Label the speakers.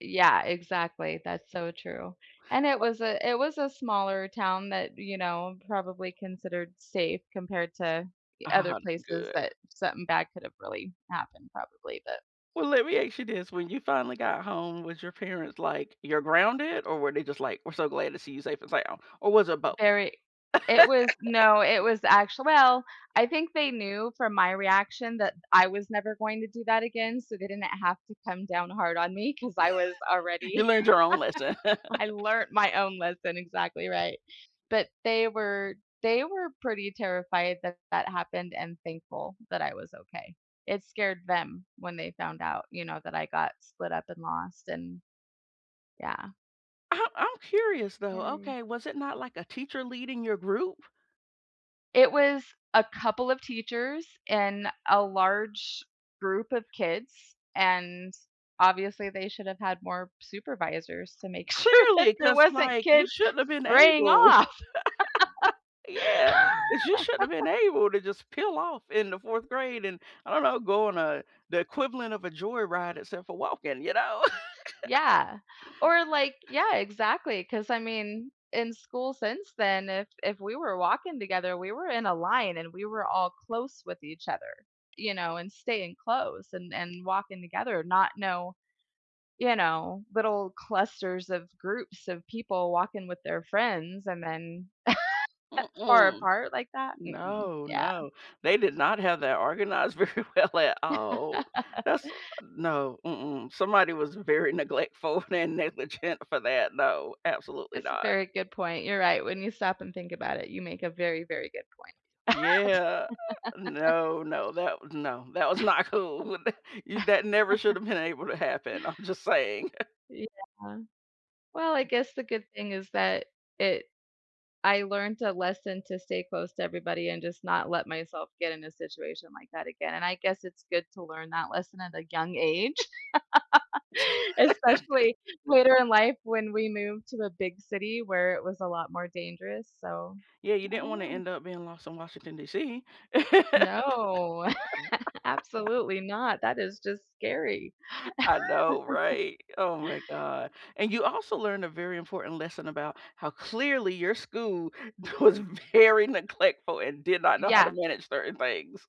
Speaker 1: Yeah, exactly, that's so true. And it
Speaker 2: Wha
Speaker 1: was a it was a smaller town that, you know, probably considered safe compared to other places
Speaker 2: Good.
Speaker 1: that something bad could have really happened probably, but
Speaker 2: Well, let me ask you this. When you finally got home with your parents, like, "You're grounded," or were they just like, "We're so glad to see you safe and sound," or was it both?
Speaker 1: Very it was no, it was actual well, I think they knew from my reaction that I was never going to do that again, so they didn't have to come down hard on me 'cause I was
Speaker 2: You
Speaker 1: already.
Speaker 2: learned your own lesson.
Speaker 1: I learned my own lesson, exactly, right. But they were they were pretty terrified that that happened and thankful that I was okay. It scared them when they found out, you know, that I got split up and lost, and, yeah.
Speaker 2: I'm I'm curious though,
Speaker 1: Very.
Speaker 2: okay, was it not like a teacher leading your group?
Speaker 1: It was a couple of teachers and a large group of kids, and, obviously, they should have had more supervisors to make sure that
Speaker 2: Clearly,
Speaker 1: there
Speaker 2: 'cause
Speaker 1: wasn't
Speaker 2: like you
Speaker 1: kids
Speaker 2: shouldn't have been
Speaker 1: straying
Speaker 2: able
Speaker 1: off.
Speaker 2: Yeah, 'cause you shouldn't have been able to just peel off in the 4th grade and I don't know, go on a the equivalent of a joy ride except for walking, you know?
Speaker 1: Yeah. Or like Yeah, exactly, 'cause I mean, in school since then, if if we were walking together, we were in a line, and we were all close with each other, you know, and staying close and and walking together, not no you know, little clusters of groups of people walking with their friends and then far
Speaker 2: Mm-mm.
Speaker 1: apart like that? Mm-mm.
Speaker 2: No,
Speaker 1: Yeah.
Speaker 2: no, they did not have that organized very well at all. That's a No, mm-mm, somebody was very neglectful and negligent for that, no, absolutely
Speaker 1: That's a
Speaker 2: not.
Speaker 1: very good point, you're right. When you stop and think about it, you make a very, very good point.
Speaker 2: Yeah, no, no, that was no, that was not cool. You that never should have been able to happen, I'm just saying.
Speaker 1: Yeah. Well, I guess the good thing is that it I learned a lesson to stay close to everybody and just not let myself get in a situation like that again, and I guess it's good to learn that lesson at a young age, especially later in life when we moved to a big city where it was a lot more dangerous, so
Speaker 2: Yeah, you
Speaker 1: I
Speaker 2: didn't
Speaker 1: don't
Speaker 2: want to
Speaker 1: know.
Speaker 2: end up being lost in Washington, D.C.
Speaker 1: No. Absolutely not, that is just scary.
Speaker 2: I know, right? Oh my god. And you also learned a very important lesson about how clearly your school was very neglectful and did not know how to
Speaker 1: Yeah.
Speaker 2: manage certain things.